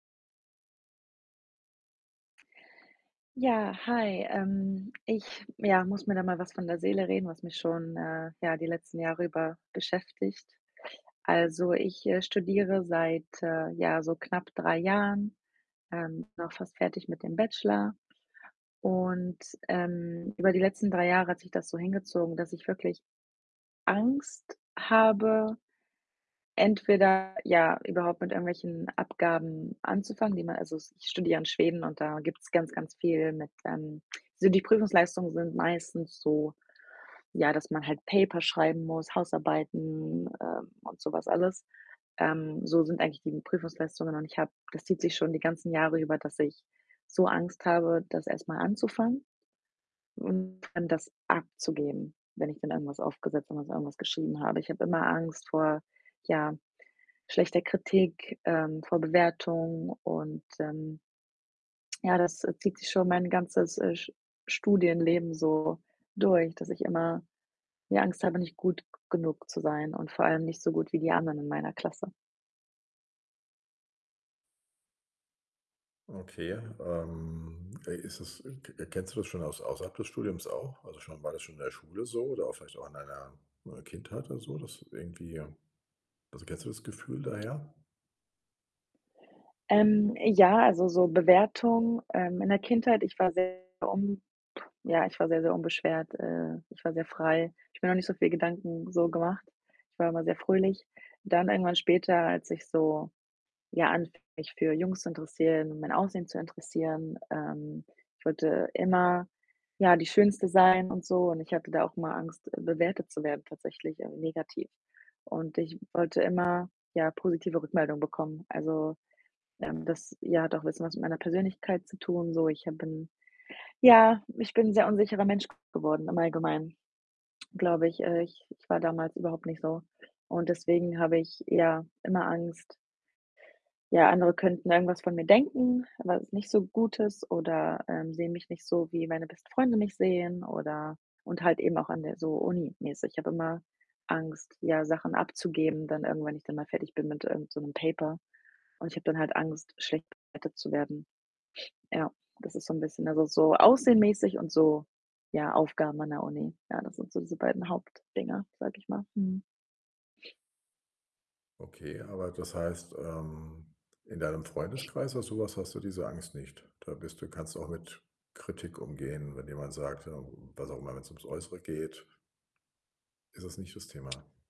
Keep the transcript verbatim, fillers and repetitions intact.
Ja, hi. Ähm, ich, ja, muss mir da mal was von der Seele reden, was mich schon, äh, ja, die letzten Jahre über beschäftigt. Also ich, äh, studiere seit, äh, ja, so knapp drei Jahren, ähm, bin auch fast fertig mit dem Bachelor und, ähm, über die letzten drei Jahre hat sich das so hingezogen, dass ich wirklich Angst habe, entweder, ja, überhaupt mit irgendwelchen Abgaben anzufangen, die man also s ich studiere ja in Schweden und da gibt's ganz, ganz viel mit, ähm so, die Prüfungsleistungen sind meistens so, ja, dass man halt Paper schreiben muss, Hausarbeiten, ähm, und so was alles. Ähm, so sind eigentlich die Prüfungsleistungen und ich habe das zieht sich schon die ganzen Jahre über, dass ich so Angst habe, das erst mal anzufangen und dann das abzugeben, wenn ich dann irgendwas aufgesetzt wenn dann so irgendwas geschrieben habe. Ich habe immer Angst vor, ja, schlechter Kritik, ähm, vor Bewertung und, ähm ja, das, äh, zieht sich schon mein ganzes, äh, Sch Studienleben so durch, dass ich immer die Angst habe, nicht gut g genug zu sein und vor allem nicht so gut wie die anderen in meiner Klasse. Okay, ähm, ey, ist das k kennst du das schon aus außerhalb des Studiums auch? Also schon war das schon in der Schule so oder auch vielleicht auch an deiner Kindheit oder so, dass irgendwie, ähm also, kennst du das Gefühl daher? Ähm, ja, also so Bewertung. Ähm. In der Kindheit ich war sehr, [unintelligible] ja, ich war sehr, sehr unbeschwert, äh, ich war sehr frei. Ich mir noch nicht so viel Gedanken, so, gemacht. Ich war immer sehr fröhlich. Dann irgendwann später, als ich so, ja, anfing, mich für Jungs zu interessieren, mein Aussehen zu interessieren ähm, ich wollte immer, ja, die Schönste sein und so und ich hatte da auch immer Angst, bewertet zu werden tatsächlich, äh, negativ. Und ich wollte immer, ja, positive Rückmeldungen bekommen. Also, ähm, das, ja, hat auch bisschen was mit meiner Persönlichkeit zu tun so. Ich habe bin ja, ich bin 'n sehr unsicherer Mensch g geworden im Allgemeinen, glaube ich. Äh, ich ich war damals überhaupt nicht so und deswegen habe ich, ja, immer Angst ja, andere könnten irgendwas von mir denken, was nicht so gut ist oder, ähm, sehen mich nicht so, wie meine besten Freunde mich sehen oder und halt eben auch an der so uni-mäßig. Ich habe immer Angst, ja, Sachen abzugeben, dann irgendwann, wenn ich dann mal fertig bin mit irgend so 'nem Paper und ich habe dann halt Angst, schlecht bewertet zu werden. Ja, das ist so 'n bisschen also so Aussehen-mäßig und so, ja, Aufgaben an der Uni. Ja, das sind so diese beiden Hauptdinger, sage ich mal. Mhm. Okay, aber das heißt, ähm, in deinem Freundeskreis, oder sowas, hast du diese Angst nicht? Da bist du kannst auch mit Kritik umgehen, wenn jemand sagt, ja, was auch immer, wenn's ums Äußere geht ist das nicht das Thema?